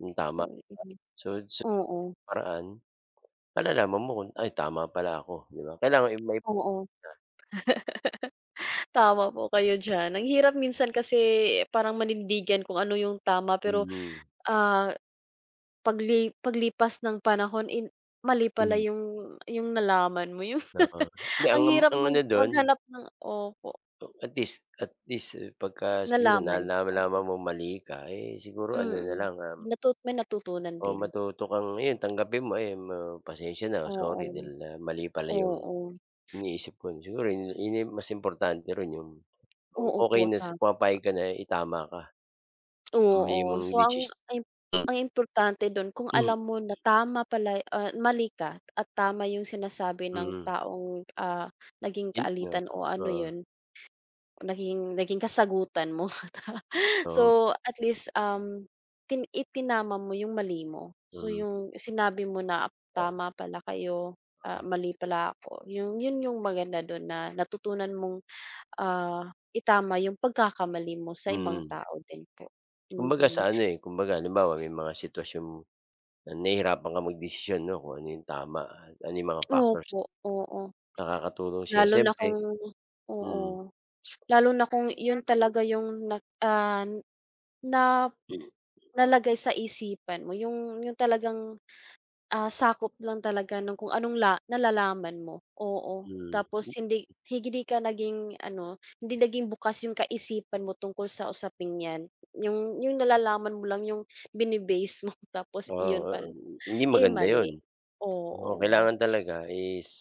Hmm, tama. Oo. So, sa Oo. paraan, malalaman mo kung ay, tama pala ako, 'di ba? Kailangan may na Oo. Tama po kayo diyan. Ang hirap. Minsan kasi, eh, parang manindigan kung ano yung tama, pero, Mhm. ah, pagli paglipas ng panahon, eh, mali pala Hmm. yung yung nalaman mo yung Oo, hindi ang ang hirap ang mag ano dun maghanap ng opo. O, at least at least, eh, pagka siguro Nalaman. Oo. nalalaman mong mali ka, eh, siguro ano na Mm. lang, um May natut may natutunan O din. matuto kang 'yon, tanggapin mo. Ayun, ma pasensiya na. Sorry Oo. dahil, ah, mali pala yung Oo. iniisip ko during yun yun na yung mas importante roon yung o Oo okey po, nasi tama. pumapayag ka, na itama ka. Ang mali Oo, mong so desis ang im M ang importante dun, kung Hmm. alam mo na tama pala, ah, mali ka at tama yung sinasabi ng Mm. taong, ah, naging Yun nga. kaalitan o ano Oo. yun naging naging kasagutan mo. Oo. So, at least, um, ti itinama mo yung mali mo. So, Mm. yung sinabi mo na tama pala kayo. Ah, Oo. mali pala ako, yung yun yung maganda dun na natutunan mong, ah, itama yung pagkakamali mo sa ibang Mm. tao din po, Kumbaga mm. sa ano, eh, kumbaga halimbawa may mga sitwasyong na nahihirapan kang magdesisyon 'no, kung ano yung tama at ano yung mga factors nakakatulong sa'yo, siyempre, mhm. Opo, oo. nakakatulong sa'yo, Lalo na siyempre kung oo, mm. lalo na kung 'yon talaga yung na, ah, na nalagay sa isipan mo, yung yung talagang, ah, sakop lang talaga nung kung anong la nalalaman mo. Oo, Mhm. tapos Hmm. hindi hindi ka naging ano, hindi naging bukas yung kaisipan mo tungkol sa usaping 'yan. Yung yung nalalaman mo lang yung bini-base mo tapos Oo, iyon pala, 'yon, hindi eh, maganda 'yon. mali. Oo, Oo. kailangan talaga is